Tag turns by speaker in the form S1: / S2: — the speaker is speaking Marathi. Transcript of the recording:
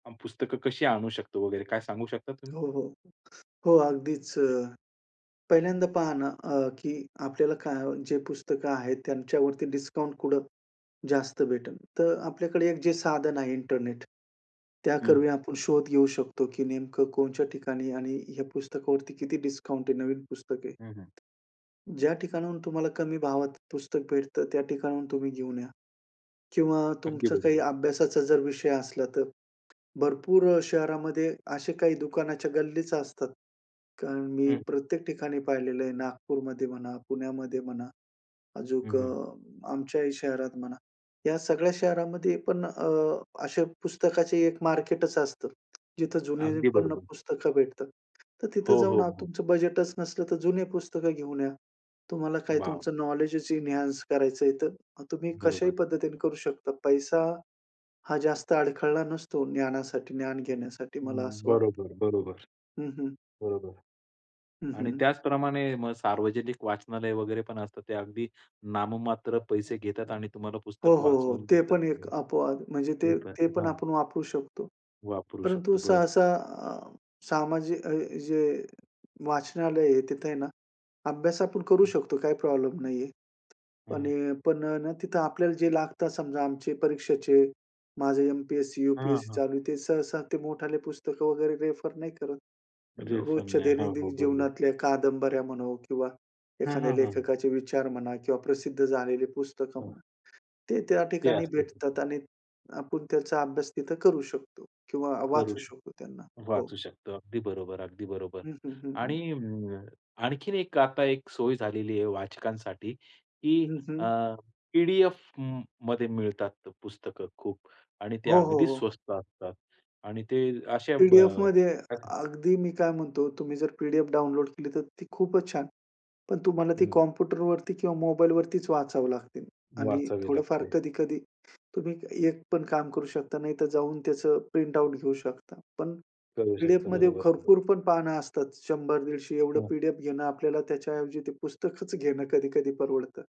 S1: मग पुस्तकं कशी आणू शकतो वगैरे काय सांगू शकता तुम्ही?
S2: हो, हो. हो, अगदीच अ, पहिल्यांदा पहा ना, अ, की आपल्याला काय जे पुस्तकं आहेत त्यांच्यावरती डिस्काउंट कुठं जास्त भेटेल. तर आपल्याकडे एक जे साधन आहे इंटरनेट. त्या
S1: हं.
S2: करवी आपण शोध घेऊ शकतो, की नेमकं कोणच्या आणि ह्या पुस्तकावरती किती डिस्काउंट आहे. नवीन पुस्तक आहे.
S1: हं, हं.
S2: ज्या ठिकाणाहून तुम्हाला कमी भावात पुस्तक भेटते, त्या ठिकाणाहून तुम्ही घेऊन या किंवा
S1: अगदी
S2: तुमचं काही
S1: बरोबर.
S2: अभ्यासाचा जर विषय असला तर भरपूर अ, शहरामध्ये असे काही दुकानाच्या गल्लीच असतात कारण मी
S1: हं.
S2: प्रत्येक ठिकाणी पाहिलेलं आहे. नागपूरमध्ये म्हणा, पुण्यामध्ये म्हणा.
S1: हं,
S2: अजून अ,
S1: हं.
S2: आमच्याही शहरात म्हणा. ह्या सगळ्या शहरामध्ये पण अ, अशा पुस्तकाची एक मार्केटच असतं. जिथे
S1: अगदी
S2: जुनीपण अ,
S1: बरोबर.
S2: पुस्तकं भेटतात. तर तिथे
S1: हो,
S2: जाऊन
S1: हो,
S2: आज
S1: हो.
S2: तुमचं बजेटच नसलं, तर जुनी पुस्तकं घेऊन या. तुम्हाला काय
S1: वॉव!
S2: तुमचं नॉलेजच इन्हांन्स करायचं आहे. तर तुम्ही कशाही
S1: बरोबर.
S2: पद्धतीने करू शकता. पैसा हा जास्त अडखळला नसतो ज्ञानासाठी, ज्ञान घेण्यासाठी मला
S1: हं,
S2: असं वाटते.
S1: बरोबर, बरोबर
S2: हं, हं.
S1: बरोबर
S2: हं,
S1: आणि
S2: हं.
S1: त्याचप्रमाणे मग सार्वजनिक वाचनालय वगैरे पण असतात. ते अगदी नाममात्र पैसे घेतात आणि तुम्हाला
S2: हो,
S1: पुस्तक
S2: हो, हो.
S1: वाचवून
S2: ते
S1: देतात
S2: पण एक अपवाद म्हणजे
S1: ते
S2: ते
S1: पण,
S2: ते पण
S1: हां.
S2: आपण वापरू शकतो.
S1: वापरू
S2: परंतु
S1: शकतो. बरोबर.
S2: सहसा अ, सामाजिक अ, जे वाचनालय आहे, तिथं आहे ना, अभ्यास आपण करू शकतो काही प्रॉब्लेम नाही आहे.
S1: हं,
S2: पण
S1: हं.
S2: अ पण आहे ना तिथे आपल्याला जे लागतं समजा, आमचे परीक्षेचे माझं एम-पी-एस-सी,
S1: हां,
S2: यू-पी-एस-सी
S1: हां.
S2: चालू ते सहसा ते मोठाले पुस्तकं वगैरे रेफर नाही करत.
S1: रिफंड
S2: रोजच्या
S1: नाही. हो, हो,
S2: दैनंदिन
S1: बरोबर.
S2: जीवनातल्या कादंबऱ्या म्हणो किंवा
S1: हं,
S2: एखाद्या
S1: हं, हं, हं.
S2: लेखकाचे विचार म्हणा किंवा प्रसिद्ध झालेली पुस्तकं
S1: हं.
S2: म्हणा, ते त्या
S1: ते
S2: ठिकाणी
S1: असत
S2: भेटतात आणि आपण त्याचा अभ्यास तिथं करू शकतो किंवा
S1: करू
S2: वाचू
S1: शकतो,
S2: शकतो त्यांना. हो.
S1: वाचू शकतो. अगदी बरोबर, अगदी बरोबर.
S2: हं, हं, हं, हं.
S1: आणि अ, आणखीन एक आता एक सोय झालेली आहे वाचकांसाठी, की
S2: हं,
S1: अ,
S2: हं.
S1: पी-डी-एफमध्ये मिळतात पुस्तकं खूप आणि ते
S2: हो, हो,
S1: अगदी
S2: हो.
S1: स्वस्त असतात. आणि ते अशा ब
S2: पी-डी-एफमध्ये
S1: अ
S2: अगदी मी काय म्हणतो तुम्ही जर पी-डी-एफ डाउनलोड केली तर ती खूपच छान. पण तुम्हाला ती
S1: हं.
S2: कॉम्प्युटरवरती किंवा मोबाईलवरतीच वाचावं लागतील आणि
S1: वाचावी
S2: थोडं फार
S1: लागते.
S2: कधी-कधी तुम्ही एक पण काम करू शकता. नाहीतर जाऊन त्याचं प्रिंटआउट घेऊ शकता. पण
S1: करू शकतं.
S2: पी-डी-एफमध्ये
S1: बरोबर. [unintelligible]
S2: भरपूरपण पानं असतात. 100-150 एवढं
S1: हं.
S2: पी-डी-एफ घेणं आपल्याला त्याच्याऐवजी ते पुस्तकच घेणं कधी-कधी परवडतं.